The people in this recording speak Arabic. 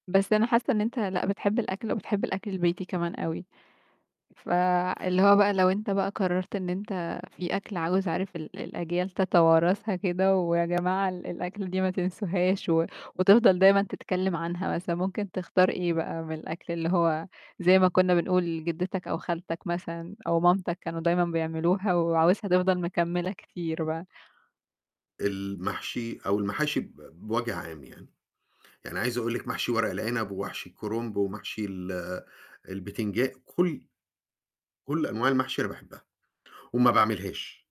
بس أنا حاسّة إن أنت لأ بتحب الأكل وبتحب الأكل البيتي كمان أوي، فاللي هو بقى لو أنت بقى قرَّرت إن أنت في أكل عاوز عارف ال الأجيال تتوارثها كده ويا جماعة ال الأكلة دي ما تنسوهاش و وتفضل دايمُا تتكلِّم عنها مثلًا، ممكن تختار إيه بقى من الأكل اللي هو زي ما كُنّا بنقول جِدِّتك أو خالتك مثلًا، أو مامتك كانوا دايمًا بيعملوها وعاوزها تفضل مكمِّلة كتير بقى؟ المحشي أو المحاشي ب بوَجْه عام يعني، يعني عايز أقول لِك محشي ورق العنب ومحشي الكرنب ومحشي ال البيتنجا كلّ كلّ أنواع المحشي أنا باحبّها، وما باعملهاش.